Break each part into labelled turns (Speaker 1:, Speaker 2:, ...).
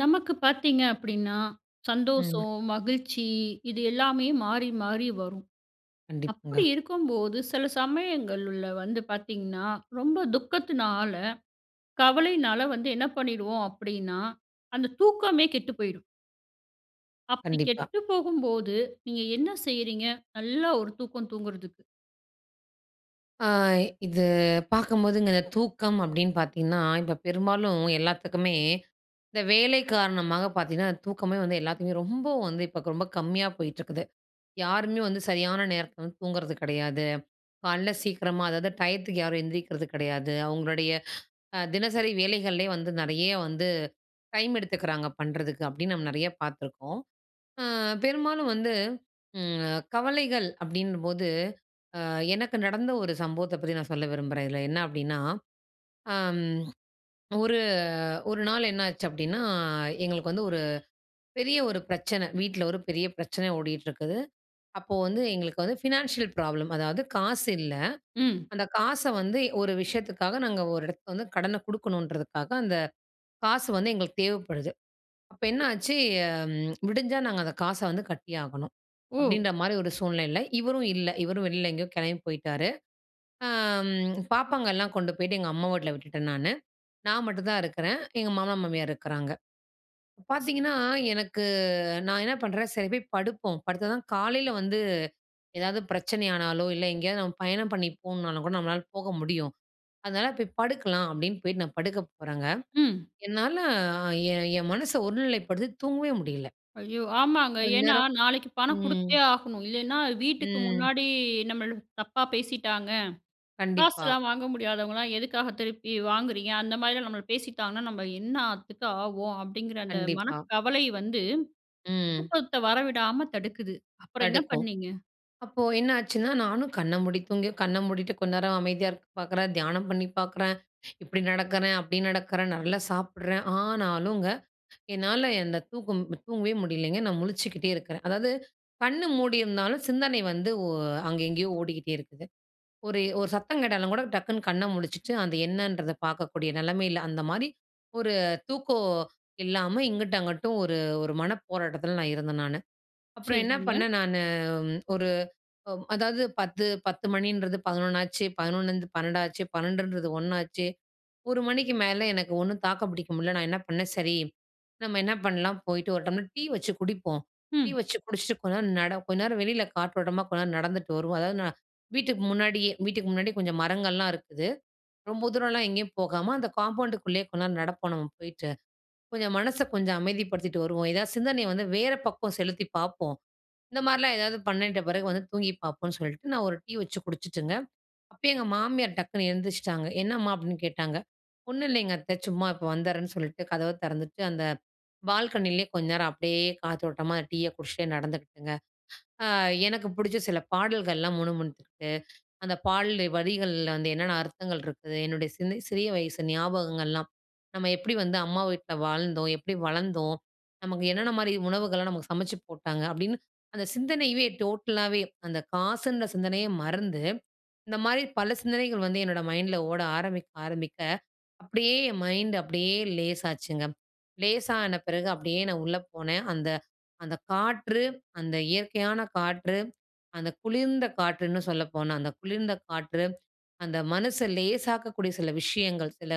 Speaker 1: நமக்கு பார்த்தீங்க அப்பிடின்னா, சந்தோசோ,
Speaker 2: ம்.
Speaker 1: மகிழ்ச்சி இது எல்லாமே மாறி மாறி வரும்.
Speaker 2: கண்டிப்பாங்க.
Speaker 1: அப்பிடி இருக்கும்போது, சில சமயங்கள்ல வந்து பார்த்தீங்கன்னா, ரொம்ப துக்கத்தினால, கவலையினால வந்து என்ன பண்ணிடுவோம் அப்பிடின்னா, அந்த தூக்கமே கெட்டு போய்டும். அப்பிடி
Speaker 2: கண்டிப்பா.
Speaker 1: கெட்டு போகும்போது, நீங்க என்ன செய்றீங்க? நல்லா ஒரு தூக்கம் தூங்குறதுக்கு.
Speaker 2: ஆ. இது பார்க்கும்போதுங்க தூக்கம் அப்பிடின்னு பார்த்தீங்கன்னா, இப்ப பெரும்பாலும் எல்லாத்துக்குமே இந்த வேலை காரணமா பார்த்தீங்கன்னா, தூக்கமே வந்து எல்லாத்துக்குமே, ரொம்ப வந்து இப்ப ரொம்ப கம்மியா போயிட்டுருக்குது. யாருமே வந்து சரியான நேரத்தில வந்து தூங்குறது கிடையாது. கால்ல சீக்கிரமா அதாவது டயத்துக்கு யாரும் எந்திரிக்கிறது கிடையாது. அவுங்களுடைய அ தினசரி வேலைகள்லயே வந்து நிறைய வந்து டைம் எடுத்துக்கிறாங்க பண்ணுறதுக்கு அப்பிடின்னு நம்ம நிறைய பார்த்துருக்கோம். ஆ பெரும்பாலும் வந்து ம் கவலைகள் அப்பிடினும்போது, ஆ எனக்கு நடந்த ஒரு சம்பவத்த பத்தி நான் சொல்ல விரும்புறேன். இதில என்ன அப்பிடின்னா, அம். ஒரு ஒரு நாள் என்னாச்சு அப்பிடின்னா, எங்களுக்கு வந்து ஒரு பெரிய ஒரு பிரச்சன. வீட்ல ஒரு பெரிய பிரச்சன ஓடிட்டு இருக்குது. அப்போ வந்து எங்களுக்கு வந்து ஃபினான்ஷியல் ப்ராப்ளம், அதாவது காசு இல்ல.
Speaker 1: ம்.
Speaker 2: அந்த காச வந்து ஒரு விஷயத்துக்காக நாங்க ஒரு இடத்துக்கு வந்து கடன குடுக்கணுன்றதுக்காக, அந்த காசு வந்து எங்களுக்கு தேவைப்படுது. அப்ப என்னாச்சு ம் விடிஞ்சா நாங்க அந்த காச வந்து கட்டி ஆகணும்.
Speaker 1: ஓ!
Speaker 2: அப்பிடின்றமாரி ஒரு சூழ்நிலையில இவரும் இல்ல. இவரும் வெளில எங்கேயோ கிளம்பி போயிட்டாரு. ஆ ம் பாப்பாங்க எல்லாம் கொண்டு போயிட்டு எங்க அம்மா வீட்ல விட்டுட்டேன் நானு. நான் மட்டும் தான் இருக்கிறேன். எங்க மாமனார், மாமியார் இருக்கிறாங்க. பார்த்தீங்கன்னா, எனக்கு நான் என்ன பண்றேன், சரி போய் படுப்போம், படுத்தாதான் காலையில வந்து ஏதாவது பிரச்சனை ஆனாலோ! இல்ல எங்கேயாவது நம்ம பயணம் பண்ணி போணுனாலும் கூட, நம்மளால போக முடியும். அதனால போய் படுக்கலாம், அப்பிடின்னு போயிட்டு நான் படுக்க போறங்க.
Speaker 1: ம்.
Speaker 2: என்னால என் என் மனச ஒருநிலைப்படுத்தி தூங்கவே முடியல.
Speaker 1: ஐயோ! ஆமாங்க.
Speaker 2: கொஞ்ச
Speaker 1: ஏன்னா
Speaker 2: நேரம்
Speaker 1: நாளைக்கி பணம்
Speaker 2: ம்.
Speaker 1: குடுத்தே ஆகணும். இல்லேன்னா, வீட்டுக்கு
Speaker 2: ம்.
Speaker 1: முன்னாடி நம்மள தப்பா பேசிட்டாங்க.
Speaker 2: கண்டிப்பா.
Speaker 1: காசுலாம் வாங்க முடியாதவங்கலாம், எதுக்காக திருப்பி வாங்குறீங்க? அந்தமாரிலாம் நம்மள பேசிட்டாங்கன்னா, நம்ம என்னாத்துக்கு ஆவோம். அப்பிடிங்கிற அந்த
Speaker 2: கண்டிப்பா.
Speaker 1: மனக்கவலை வந்து
Speaker 2: ம்.
Speaker 1: தூக்கத்த வரவிடாம தடுக்குது. அப்புறம் என்ன
Speaker 2: தடுக்கும்.
Speaker 1: பண்ணீங்க?
Speaker 2: அப்போ என்னாச்சுன்னா, நானும் கண்ண மூடி தூங்கியோ, கண்ண மூடிட்டு கொஞ்ச நேரம் அமைதியா இருக்க பார்க்குறேன். தியானம் பண்ணி பார்க்குறேன், இப்பிடி நடக்கிறேன், அப்பிடி நடக்கறேன், நல்லா சாப்பிட்றேன். ஆனாலுங்க, என்னால அந்த தூக்கம் தூங்கவே முடியலேங்க. நான் முழிச்சுக்கிட்டே இருக்கிறேன். அதாவது கண் மூடியிருந்தாலும் சிந்தனை வந்து ஒ அங்க எங்கேயோ ஓடிக்கிட்டே இருக்குது. ஒரு ஒரு சத்தம் கேட்டாலும் கூட டக்குனு கண்ண முழிச்சுட்டு, அந்த என்னன்றத பார்க்கக்கூடிய நிலைமையில, அந்தமாரி ஒரு தூக்கோ இல்லாம இங்கிட்டும், அங்குட்டும் ஒரு ஒரு மனப்போராட்டத்தில நான் இருந்தேன் நானு. அப்புறம் என்ன
Speaker 1: சரிங்க.
Speaker 2: பண்ணேன் நானு, ம் ஒரு அ அதாவது 10, 10 மணின்றது 11 ஆச்சு. 11லருந்து 12 ஆச்சு. 12ன்றது 1. ஒரு மணிக்கு மேலே எனக்கு ஒண்ணும் தாக்கு பிடிக்க முடியல. நான் என்ன பண்ணேன், சரி நம்ம என்ன பண்லாம், போயிட்டு ஒரு டம்ளர் டீ வச்சு குடிப்போம். டீ
Speaker 1: ம்.
Speaker 2: வச்சு குடிச்சிட்டு கொஞ்சம் நேரம் நட கொஞ்ச நேரம் வெளியில காற்றோட்டமா கொஞ்ச நேரம் நடந்துட்டு வருவோம் அதாவது நா வீட்டுக்கு முன்னாடியே வீட்டுக்கு முன்னாடி கொஞ்சம் மரங்கள்லாம் இருக்குது. ரொம்ப தூரன்லாம் எங்கேயும் போகாம, அந்த காம்பவுண்டுக்குள்ளயே கொஞ்ச நேரம் நடப்போம் நம்ம போயிட்டு. கொஞ்சம் மனச கொஞ்சம் அமைதிப்படுத்திட்டு வருவோம். எதாவது சிந்தனைய வந்து வேற பக்கம் செலுத்தி பார்ப்போம். இந்தமாரிலாம் எதாவது பண்ணிட்ட பிறகு வந்து தூங்கிப் பார்ப்போன்னு சொல்ட்டு, நான் ஒரு டீ வச்சு குடிச்சுட்டுங்க, அப்பயே எங்க மாமியார் டக்குனு எந்திருச்சுட்டாங்க. "என்னம்மா?" அப்பிடின்னு கேட்டாங்க. ஒன்னும் இல்லேங்க அத்தை. சும்மா இப்ப வந்துர்றேன்னு சொல்லிட்டு, கதவ திறந்துட்டு அந்த பால்கனியிலே கொஞ்ச நேரம் அப்பிடியே காத்தோட்டமா டீய குடிச்சிட்டே நடந்துக்கிட்டுங்க. அ எனக்கு பிடிச்ச சில பாடல்கள்லாம் முணுமுணுத்துக்கிட்டு, அந்த பாடல் வரிகள்ல வந்து என்னென்ன அர்த்தங்கள் இருக்குது. என்னுடைய சிந்த சிறிய வயசு ஞாபகங்கள்லாம் நம்ம எப்பிடி வந்து அம்மா வீட்ல வாழ்ந்தோம். எப்பிடி வளந்தோம். நமக்கு என்னென்னமாரி உணவுகள்லாம் நமக்கு சமைச்சு போட்டாங்க. அப்பிடின்னு அந்த சிந்தனையவே டோட்டலாவே அந்த காசுன்ற சிந்தனையே மறந்து, இந்தமாரி பல சிந்தனைகள் வந்து என்னோட மைண்ட்ல ஓட ஆரம்பிக்க ஆரம்பிக்க அப்பிடியே என் மைண்ட்டு அப்பிடியே லேசாச்சுங்க. லேசான பிறகு அப்பிடியே நான் உள்ள போனேன். அந்த அந்த காற்று அந்த இயற்கையான காற்று, அந்த குளிர்ந்த காற்றுன்னு சொல்லப்போனா, அந்த குளிர்ந்த காற்று அந்த மனச லேசாக்கக்கூடிய சில விஷயங்கள், சில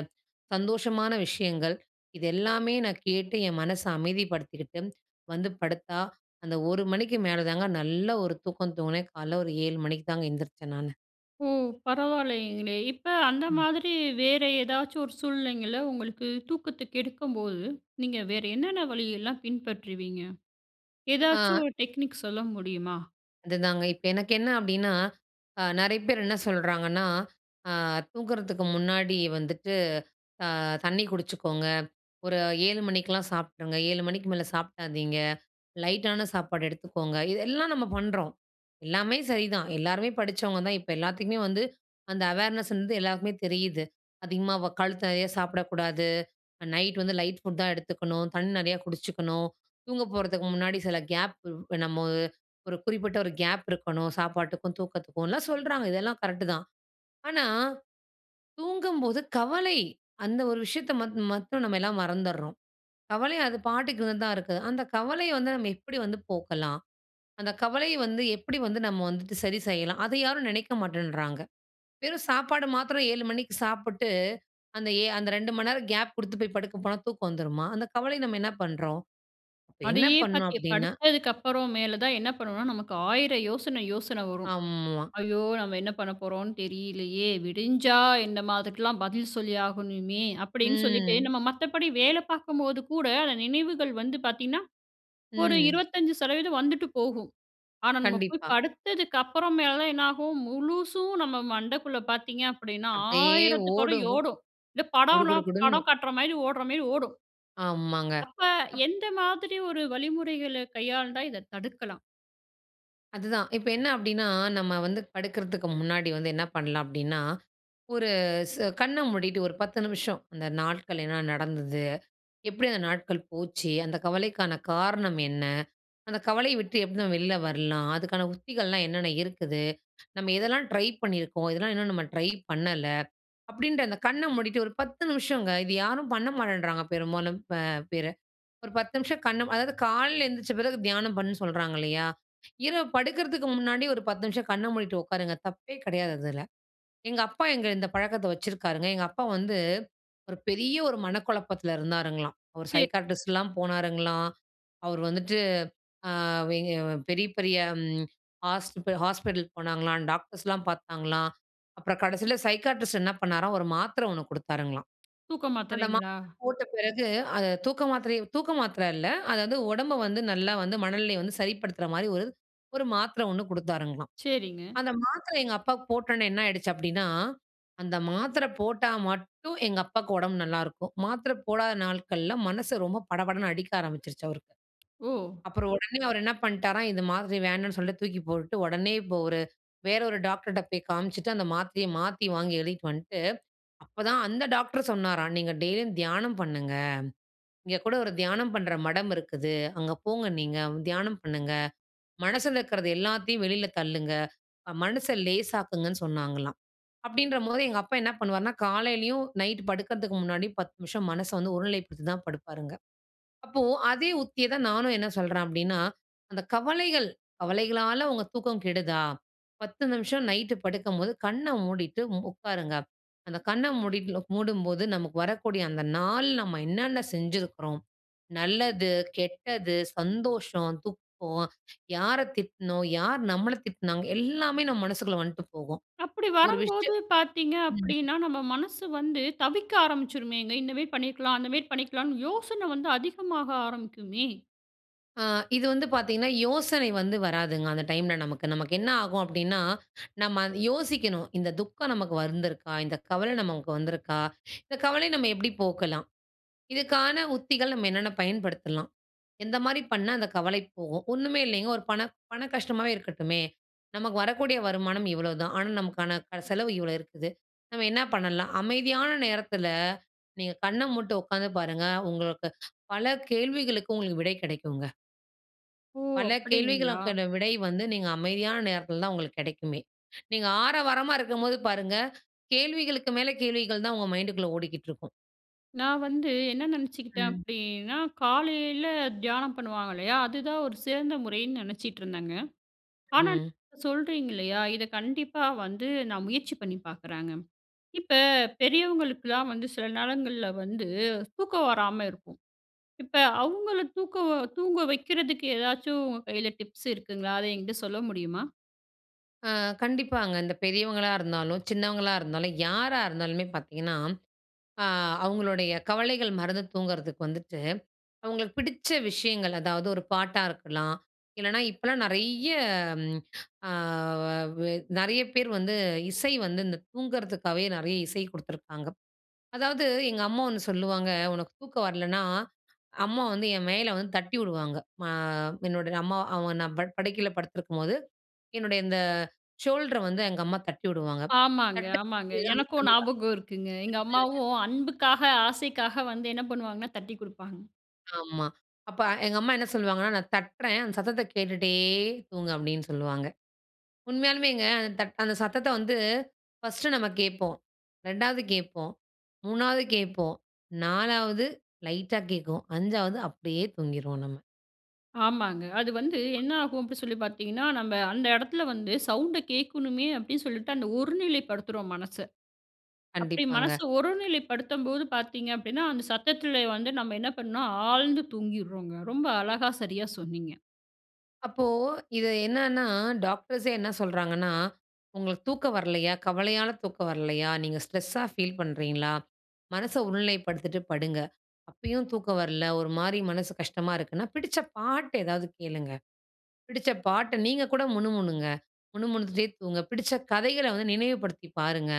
Speaker 2: சந்தோஷமான விஷயங்கள், இது எல்லாமே நான் கேட்டு என் மனச அமைதிப்படுத்திக்கிட்டு, வந்து படுத்தா, அந்த 1:00 மணிக்கு மேல தாங்க நல்ல ஒரு தூக்கம் தூங்கினேன். கால்ல ஒரு 7:00 மணிக்கு தாங்க எந்திரிச்சேன் நானு.
Speaker 1: ஓ! பரவாயில்லைங்களே. இப்ப அந்த
Speaker 2: ம்.
Speaker 1: மாதிரி வேறு ஏதாச்சும் ஒரு சூழ்நிலைங்கள, உங்களுக்கு தூக்கத்த கெடுக்கும்போது, நீங்க வேற என்னென்ன வழியெல்லாம் பின்பற்றுவீங்க? ஏதாச்சும்
Speaker 2: அ.
Speaker 1: ஒரு டெக்னிக் சொல்ல முடியுமா?
Speaker 2: அதுதாங்க, இப்ப எனக்கு என்ன அப்டின்னா, அ நிறைய பேர் என்ன சொல்றாங்கன்னா, அ தூங்குறதுக்கு முன்னாடி வந்துட்டு, அ தண்ணி குடிச்சுக்கோங்க. ஒரு 7:00 மணிக்லாம் சாப்டுங்க, 7:00 மணிக்கு மேல சாப்டாதீங்க, லைட்டான சாப்பாடு எடுத்துக்கோங்க, இதெல்லாம் நம்ம பண்றோம். எல்லாமே சரிதான், எல்லாருமே படிச்சவங்க தான். இப்ப எல்லாத்துக்குமே வந்து அந்த அவேர்னஸ் வந்து எல்லாருக்குமே தெரியுது. அதிகமா வ கழுத்து நிறைய சாப்டக்கூடாது. நைட் வந்து லைட் ஃபுட் தான் எடுத்துக்கணும், தண்ணி நிறையா குடிச்சுக்கணும், தூங்க போறதுக்கு முன்னாடி சில கேப், இப்ப நம்ம ஒரு குறிப்பிட்ட ஒரு கேப் இருக்கணும் சாப்பாட்டுக்கும், தூக்கத்துக்கும்லாம் சொல்றாங்க இதெல்லாம் கரெட்‌டு தான். ஆனா தூங்கும்போது "கவலை" அந்த ஒரு விஷயத்த மத் மட்டும் நம்ம எல்லாம் மறந்துறோம். கவலை அது பாட்டுக்கு தான் இருக்கு. அந்த கவலைய வந்து நம்ம எப்டி வந்து போக்கலாம்? அந்த கவலைய வந்து எப்டி வந்து நம்ம வந்துட்டு சரி செய்யலாம்? அத யாரும் நினைக்க மாட்டேன்றாங்க. வெறும் சாப்பாடு மாத்திரம் 7:00 மணிக்கு சாப்புட்டு, அந்த ஏ அந்த 2:00 மணி நேரம் கேப் குடுத்து போய் படுக்க போனா தூக்கம் வந்துருமா? அந்த கவலை நம்ம என்ன பண்றோம்? அப்ப என்ன
Speaker 1: அதையே
Speaker 2: பண்ணணும்
Speaker 1: பாத்து
Speaker 2: அப்டினா
Speaker 1: படுத்ததுக்கு அப்பறம், மேல தான் என்ன பண்ணுவோனா? நமக்கு ஆயிரம் யோசனை யோசன வரும்.
Speaker 2: ஆமா.
Speaker 1: ஐயோ! நம்ம என்ன பண்ண போறோன்னு தெரியலையே? விடிஞ்சா நாம அதுக்குல்லாம் பதில் சொல்லி ஆகணுமே அப்டின்னு சொல்லிட்டு,
Speaker 2: ம்.
Speaker 1: நம்ம மத்தபடி வேல பாக்கும்போது கூட, அந்த நினைவுகள் வந்து பாத்தீங்கனா, ஒரு
Speaker 2: ம்.
Speaker 1: 25% வந்துட்டு போகும். ஆனா நம்ம போய்
Speaker 2: கண்டிப்பா.
Speaker 1: படுத்ததுக்கப்பறமேல என்ன ஆகும்? முழுசும் நம்ம மண்டக்குள்ள பாத்தீங்க அப்டின்னா
Speaker 2: அப்டியே
Speaker 1: 1000
Speaker 2: ஓடும். கு
Speaker 1: ஓடும். இந்த
Speaker 2: குடு,
Speaker 1: படம்னா
Speaker 2: குடு, குடுன்னு.
Speaker 1: படம் காட்ற மாரி, ஓடுற மாரி ஓடும்.
Speaker 2: ஆமாங்க.
Speaker 1: அப்ப,
Speaker 2: அப்
Speaker 1: எந்த மாதிரி ஒரு வழிமுறைகள கையாண்டா இத தடுக்கலாம்?
Speaker 2: அதுதான் இப்ப என்ன அப்டின்னா, நம்ம வந்து படுக்றதுக்கு முன்னாடி வந்து என்ன பண்லாம் அப்டின்னா, ஒரு ஸ் கண்ண மூடிட்டு ஒரு 10 நிமிஷம் அந்த நாட்கள் என்ன நடந்தது? எப்டி அந்த நாட்கள் போச்சு? அந்த கவலைக்கான காரணம் என்ன? அந்த கவலைய விட்டு எப்படி தான் வெளியில வரலாம்? அதுக்கான உத்திகள்லாம் என்னென்ன இருக்குது? நம்ம எதெல்லாம் ட்ரை பண்ணியிருக்கோம்? எதெல்லாம் இன்னும் நம்ம ட்ரை பண்ணல? அப்டின்ற அந்த கண்ண மூடிட்டு ஒரு 10 நிமிஷங்க. இது யாரும் பண்ண மாட்டேன்றாங்க பெரும்பாலும் இப்ப பிற. ஒரு 10 நிமிஷம் கண்ண அதாவது காலையில எந்திச்ச பிறகு தியானம் பண்ணுன்னு சொல்றாங்க இல்லையா? இரவு படுக்றதுக்கு முன்னாடி ஒரு 10 நிமிஷம் கண்ண மூடிட்டு உட்காருங்க. தப்பே கெடையாது அதுல. எங்க அப்பா எங்க இந்த பழக்கத்த வச்சிருக்காருங்க. எங்க அப்பா வந்து ஒரு பெரிய ஒரு மனக்குழப்பத்ல இருந்தாருங்களாம். அவரு
Speaker 1: சரி.
Speaker 2: சைக்காட்ரிஸ்ட்லாம் போனாருங்களாம், அவரு வந்துட்டு அ எங்க பெரிய பெரிய ஹாஸ்பி ஹாஸ்பிட்டல் போனாங்களாம், டாக்டர்ஸ்லாம் பார்த்தாங்களாம். அப்புறம் கடைசியில சைக்காட்ரிஸ்ட் என்ன பண்ணாராம் ஒரு மாத்திர ஒண்ணு கொடுத்தாருங்களாம்.
Speaker 1: தூக்க
Speaker 2: அந்த
Speaker 1: மாத்திரைங்களா?
Speaker 2: மாத்திர போட்ட பெறகு அத தூக்க மாத்திர தூக்க மாத்திர இல்ல. அதாவது உடம்பு வந்து நல்லா வந்து மனநிலைய வந்து சரிப்படுத்ற மாதிரி ஒரு ஒரு மாத்திர ஒண்ணு கொடுத்தாருங்களலாம்.
Speaker 1: சரிங்க.
Speaker 2: அந்த மாத்திரை எங்க அப்பாக்கு போட்டோட்னே என்ன ஆயிடுச்சு அப்டின்னா, அந்த மாத்திர போட்டா மட்டும் எங்க அப்பாக்கு உடம்பு நல்லாருக்கும். மாத்திர போடாத நாட்கள்ல மனசு ரொம்ப படபடன்னு அடிக்க ஆரம்பிச்சுருச்சு அவருக்கு.
Speaker 1: ஓ!
Speaker 2: அப்புறம் உடனே அவரு என்ன பண்ட்டாராம், இந்த மாத்திர வேணான்னு சொல்லிட்டு தூக்கி போட்டுட்டு, ஒடனே இப்போ ஒரு வேற ஒரு டாக்டர்ட்ட போய் காமிச்சுட்டு, அந்த மாத்திரைய மாத்தி வாங்கி எழுதிட்டு வந்துட்டு, அப்பதான் அந்த டாக்டர் சொன்னாராம் நீங்க டெய்லியும் தியானம் பண்ணுங்க. இங்க கூட ஒரு தியானம் பண்ற மடம் இருக்குது. அங்க போங்க நீங்க, தியானம் பண்ணுங்க. மனசுல இருக்றது எல்லாத்தையும் வெளில தள்ளுங்க. மனச லேசாக்குங்கன்னு சொன்னாங்களாம். அப்படின்றபோது எங்க அப்பா என்ன பண்ணுவாருன்னா காலையிலயும், நைட் படுக்கறதுக்கு முன்னாடியும் 10 நிமிஷம் மனச வந்து ஒருநிலைப்படுத்தி தான் படுப்பாருங்க. அப்போ அதே உத்திய தான் நானும் என்ன சொல்றேன் அப்டின்னா, அந்த கவலைகள், கவலைகளால உங்க தூக்கம் கெடுதா? 10 நிமிஷம் நைட்டு படுக்கும்போது கண்ண மூடிட்டு உட்காருங்க. அந்த கண்ண மூடிட்டு லோ மூடும்போது நமக்கு வரக்கூடிய அந்த நாள் நம்ம என்னென்ன செஞ்சுருக்றோம், நல்லது, கெட்டது, சந்தோஷம், துக்கம், யார திட்டினோம், யார் நம்மள திட்டினாங்க. எல்லாமே நம்ம மனசுக்குள்ள வந்துட்டு போகும்.
Speaker 1: அப்டி
Speaker 2: ஒரு
Speaker 1: வரம்போது
Speaker 2: விஷயம்
Speaker 1: பார்த்தீங்க
Speaker 2: ம்.
Speaker 1: அப்டின்னா, நம்ம மனசு வந்து தவிக்க ஆரம்பிச்சுருமேங்க. இந்த மாரி பண்ணிர்க்கலாம் அந்த மாரி பண்ணிர்க்கலாம்னு யோசனை வந்து அதிகமாக ஆரம்பிக்குமே?
Speaker 2: ஆ இது வந்து பார்த்தீங்கன்னா, யோசனை வந்து வராதுங்க. அந்த டைம்‌ல நமக்கு. நமக்கு என்ன ஆகும் அப்பிடின்னா, நம்ம அத யோசிக்கணும், இந்த துக்கம் நமக்கு வந்துருக்கா? இந்த கவல நமக்கு வந்திருக்கா? இந்த கவலைய நம்ம எப்பிடி போக்கலாம். இதற்கான உத்திகள் நம்ம என்னென்ன பயன்படுத்தலாம். எந்த மாரி பண்ணா அந்த கவலை போகும். ஒன்னுமே இல்லேங்க, ஒரு பண, பண கஷ்டமாவே இருக்கட்டுமே! நமக்கு வரக்கூடிய வருமானம் இவ்ளோதான். ஆனா, நமக்கான க செலவு இவ்ளோ இருக்குது. நம்ம என்ன பண்ணலாம்? அமைதியான நேரத்தில நீங்க கண்ண மூட்டு உட்காந்து பாருங்க! உங்களுக்கு பல கேள்விகளுக்கு உங்களுக்கு விடை கிடைக்குங்க.
Speaker 1: ஓ!
Speaker 2: பல
Speaker 1: அப்பிடிங்களா!
Speaker 2: கேள்விகளுக்கான விடை வந்து, நீங்க அமைதியான நேரத்தில தான் உங்களுக்கு கிடைக்குமே! நீங்க ஆரவாரமா இருக்கும்போது பாருங்க, கேள்விகளுக்கு மேல கேள்விகள்தான் உங்க மைண்டுக்குள்ள ஓடிக்கிட்டு இருக்கும்.
Speaker 1: நான் வந்து என்ன நினச்சிக்கிட்டேன்
Speaker 2: ம்.
Speaker 1: அப்பிடின்னா, காலையில தியானம் பண்ணுவாங்க இல்லயா, அதுதான் ஒரு சிறந்த முறைன்னு நினச்சிட்டு இருந்தேங்க. ஆனா,
Speaker 2: ம்.
Speaker 1: சொல்றீங்க இல்லயா! இத கண்டிப்பா வந்து நான் முயற்சி பண்ணி பார்க்குறேங்க. இப்ப பெரியவங்களுக்குலாம் வந்து சில நேரங்கள்ல வந்து தூக்கம் வராம இருக்கும். இப்ப அவுங்கள தூக்க தூங்க வைக்கிறதுக்கு ஏதாச்சும் உங்க கையில டிப்ஸ் இருக்குங்களா? அத என்கிட்ட சொல்ல முடியுமா?
Speaker 2: ஆ, கண்டிப்பாங்க. இந்த பெரியவங்களா இருந்தாலும், சின்னவங்களா இருந்தாலும் யாரா இருந்தாலுமே பார்த்தீங்கன்னா, அ அவுங்களுடைய கவலைகள் மறந்து தூங்குறதுக்கு வந்துட்டு, அவுங்களுக்கு பிடிச்ச விஷயங்கள் அதாவது ஒரு பாட்டா இருக்கலாம், இல்லன்னா இப்பலாம் நிறைய, அ வ அ நிறைய பேரு வந்து இசை வந்து இந்த தூங்குறதுக்காவே நிறைய இசை குடுத்துருக்காங்க. அதாவது எங்க அம்மா ஒண்ணு சொல்லுவாங்க, உனக்கு தூக்கம் வரலன்னா, அம்மா வந்து என் மேலே வந்து தட்டி விடுவாங்க. ஆ என்னோட அம்மா அவுங்க நான் பட் படுக்கையில படுத்திருக்கும்போது, என்னுடைய இந்த ஷோல்டர வந்து எங்க அம்மா தட்டி விடுவாங்க
Speaker 1: ஆமாங்க,
Speaker 2: தட்டு
Speaker 1: ஆமாங்க. எனக்கும் ஞாபகம் இருக்குங்க. எங்க
Speaker 2: [unintelligible]
Speaker 1: அம்மாவும் அன்புக்காக, ஆசைக்காக வந்து என்ன பண்ணுவாங்கன்னா, தட்டிக் குடுப்பாங்க.
Speaker 2: ஆமா. அப்ப எங்க அம்மா என்ன சொல்லுவாங்கன்னா, நான் தட்றேன் அந்த சத்தத்த கேட்டுட்டே தூங்கு அப்பிடின்னு சொல்வாங்க. உண்மையாலுமேங்க அந்த தட் அந்த சத்தத்த வந்து ஃபர்ஸ்ட்டு நம்ம கேட்போம். 2வது கேட்போம், 3வது கேட்போம், 4வது லைட்டா கேட்கும். 5வது அப்பிடியே தூங்கிருவோம் நம்ம.
Speaker 1: ஆமாங்க. அது வந்து என்ன ஆகும் அப்பிடி சொல்லி பார்த்தீங்கன்னா, நம்ப அந்த இடத்தில வந்து சவுண்ட்‌ கேக்கணுமே அப்பிடின்னு சொல்லிட்டு, அந்த ஒரு நிலைப்படுத்துறோம் மனச. அப்பிடி
Speaker 2: கண்டிப்பாங்க.
Speaker 1: மனச ஒருநிலைப்படுத்தம்போது பார்த்தீங்க அப்பிடின்னா, அந்த சத்தத்தில வந்து நம்ம என்ன பண்ணோம்ணா, ஆழ்ந்து தூங்கிங்றோங்க. ரொம்ப அழகா சரியா சொன்னீங்க.
Speaker 2: அப்போ இது என்னான்னா, டாக்டர்ஸே என்ன சொல்றாங்கன்னா, "உங்களுக்கு தூக்கம் வரலையா? கவலையால தூக்கம் வரலையா? நீங்க ஸ்ட்ரெஸா ஃபீல் பண்ணுறீங்களா? மனச ஒருநிலைப்படுத்திட்டு படுங்க. அப்பயும் தூக்கம் வரல ஒருமாரி மனசு கஷ்டமா இருக்குன்னா, பிடிச்ச பாட்டு ஏதாவது கேளுங்க. பிடிச்ச பாட்ட நீங்க கூட முணுமுணுங்க. முணுமுணுத்துட்டே தூங்குங்க. பிடிச்ச கதைகள வந்து நினைவுபடுத்தி பாருங்க.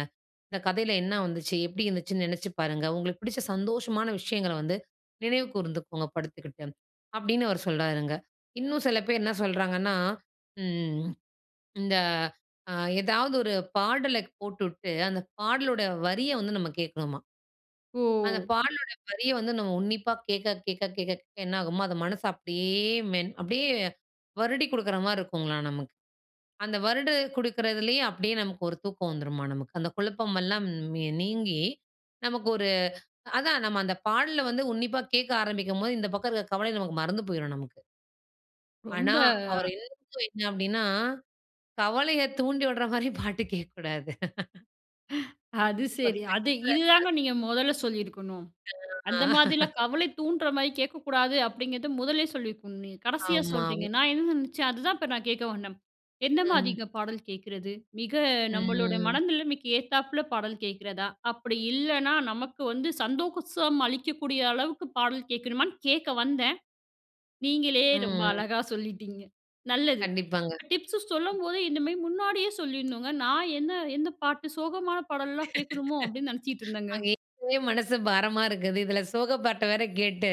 Speaker 2: இந்த கதையில என்ன வந்துச்சு? எப்படி இருந்துச்சுன்னு நெனைச்சு பாருங்க. உங்களுக்கு பிடிச்ச சந்தோஷமான விஷயங்கள வந்து நினைவு கூர்ந்துக்கோங்க படுத்துக்கிட்டு, "அப்படின்னு அவரு சொல்றாருங்க. இன்னும் சில பேர் என்னா சொல்றாங்கன்னா, ம் இந்த அ எதாவது ஒரு பாடல க் போட்டுவிட்டு அந்த பாடலோட வரிய வந்து நம்ம கேட்கணுமாம். அந்த
Speaker 1: ஓ!
Speaker 2: பாடலோட வரிய வந்து நம்ம உன்னிப்பா கேட்க, கேட்க, கேட்க, கேட்க என்னாகுமா, அது மனச அப்படியே மென் அப்படியே வருடிக் குடுக்குறமாரி இருக்கும்ங்லாம் நமக்கு. அந்த வருடி குடுக்குறதுலே அப்படியே நமக்கு ஒரு தூக்கம் வந்துருமாம் நமக்கு. அந்த குழப்பம் எல்லாம் ன் நீங்கி நமக்கு ஒரு அதான் நம்ம அந்த பாடல வந்து உன்னிப்பா கேட்க ஆரம்பிக்கும்போது, இந்த பக்கம் இருக்கிற கவலை நமக்கு மறந்து போயிரும் நமக்கு.
Speaker 1: ரொம்ப
Speaker 2: ஆனா,
Speaker 1: அ
Speaker 2: அவரு [unintelligible] அப்பிடின்னா கவலைய தூண்டி விடறமாரி பாட்டு கேட்கக்கூடாது.
Speaker 1: அது சரி. அது
Speaker 2: [unintelligible]
Speaker 1: இதுதாங்க நீங்க முதல்ல சொல்லியிருக்கணும். "அந்த
Speaker 2: [unintelligible]
Speaker 1: மாதிரிலாம் கவலை தூண்டுறமாரி கேட்கக்கூடாது" அப்பிடிங்கிறத முதல்லே சொல்லியிருக்கணும் நீங்க. கடைசியா
Speaker 2: ஆமா.
Speaker 1: சொல்றீங்க.
Speaker 2: [unintelligible]
Speaker 1: நான் என்ன நெனைச்சேன் அதுதான் இப்ப நான் கேட்க வந்தேன்.
Speaker 2: ம்.
Speaker 1: எந்தமாரிங்க பாடல் கேட்குறது? மிக நம்மளோட
Speaker 2: ம்
Speaker 1: மனநிலைமைக்கு ஏத்தாப்ல பாடல் கேட்கிறதா? அப்படி இல்லன்னா, நமக்கு வந்து சந்தோஷம் அளிக்கக்கூடிய அளவுக்கு பாடல் கேட்கணுமான்னு கேட்க வந்தேன். நீங்களே ரொம்ப
Speaker 2: ம்.
Speaker 1: அழகா சொல்லிட்டீங்க. நல்லது.
Speaker 2: கண்டிப்பாங்க.
Speaker 1: டிப்ஸ் சொல்லும்போது இந்தமாரி முன்னாடியே சொல்லிட்ணுங்க. நான் என்ன எந்த பாட்டு சோகமான பாடல்லாம் கேட்கணுமோ? அப்பிடின்னு நெனச்சிட்டு இருந்தேங்க.
Speaker 2: அங்கே ஏற்கனவே மனசு பாரமா இருக்குது. இதில சோக பாட்ட வேற கேட்டு,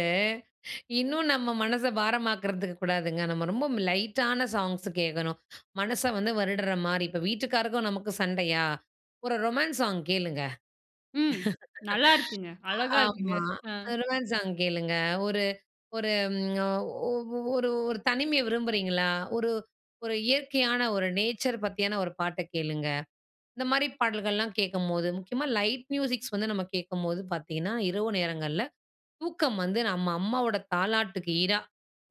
Speaker 2: இன்னும் நம்ம மனச பாரமாக்குறதுக்கு கூடாதுங்க. நம்ம ரொம்ப ம் லைட்டான சாங்ஸ் கேட்கணும். மனச வந்து வருடுறமாரி. இப்ப வீட்டுக்காருக்கும், நமக்கும் சண்டையா? ஒரு ரொமான்ஸ் சாங் கேளுங்க.
Speaker 1: ம். நல்லாயிருக்குங்க. அழகா இருக்குங்க.
Speaker 2: ஆமா.
Speaker 1: அ.
Speaker 2: ரொமான்ஸ் சாங் கேளுங்க. ஒரு ஒரு ஒ ஒ ஒரு ஒரு தனிமைய விரும்புறீங்களா? ஒரு ஒரு இயற்கையான ஒரு நேச்சர் பத்தியான ஒரு பாட்ட கேளுங்க. இந்தமாரி பாடல்கள்லாம் கேட்கும்போது முக்கியமா லைட் மியூசிக்ஸ் வந்து நம்ம கேட்கும்போது பார்த்தீங்கன்னா, இரவு நேரங்கள்ல தூக்கம் வந்து நம்ம அம்மாவோட தாலாட்டுக்கு ஈடா,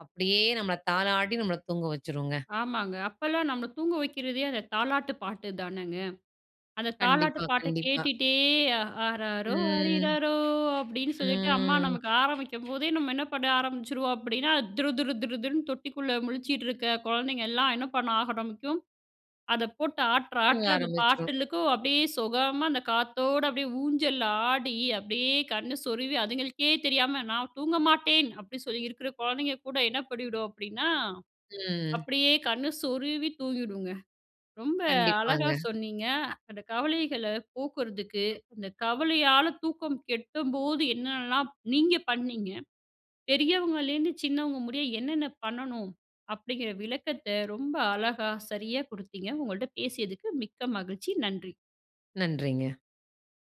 Speaker 2: அப்படியே நம்மள தாலாட்டி நம்மள தூங்க வச்சுருங்க.
Speaker 1: ஆமாங்க. அப்பல்லாம் நம்மள தூங்க வைக்கிறதே அந்த தாலாட்டு பாட்டுதானங்க. அந்த தாலாட்டு
Speaker 2: கண்டிப்பா,
Speaker 1: பாட்ட
Speaker 2: கண்டிப்பா.
Speaker 1: கேட்டுட்டே ஆறாரோ!
Speaker 2: ம்
Speaker 1: ஆரிறாரோ! அப்பிடின்னு சொல்லிட்டு அம்மா
Speaker 2: ம்.
Speaker 1: நமக்கு ஆரம்பிக்கும்போதே, நம்ம என்ன பண்ண ஆரம்பிச்சுருவோம் அப்பிடின்னா துரு, துரு, துரு, துருன்னு தொட்டிக்குள்ள முழிச்சிட்டு இருக்க குழந்தைங்க எல்லாம், என்ன பண்ண ஆரம்பிக்கும், அத போட்டு ஆட்டுற
Speaker 2: தூங்க
Speaker 1: ஆட்ல அந்த
Speaker 2: ஆரம்பிச்சிரும்.
Speaker 1: பாட்டுக்கும் அப்பிடியே சொகமா அந்த காத்தோட அப்படியே ஊஞ்சல்ல ஆடி, அப்படியே கண்ணு சொருவி, அதுங்களுக்கே தெரியாம "நான் தூங்க மாட்டேன்" அப்படி சொல்லி இருக்கிற குழந்தைங்க கூட என்ன பண்ணிடும் அப்படின்னா,
Speaker 2: ம்.
Speaker 1: அப்படியே கண்ணு சொருவி தூங்கிடுங்க. ரொம்ப அழகா
Speaker 2: கண்டிப்பாங்க.
Speaker 1: சொன்னீங்க. அந்த கவலைகள போக்குறதுக்கு, அந்த கவலையால தூக்கம் கெடும்போது என்னெல்லாம் நீங்க பண்ணீங்க, பெரியவங்கள்லேருந்து சின்னவங்க முடிய என்னென்ன பண்ணணும் அப்பிடிங்கிற விளக்கத்த ரொம்ப அழகா, சரியா குடுத்தீங்க. உங்கள்ட்ட பேசியதுக்கு மிக்க மகிழ்ச்சி. நன்றி.
Speaker 2: நன்றிங்க.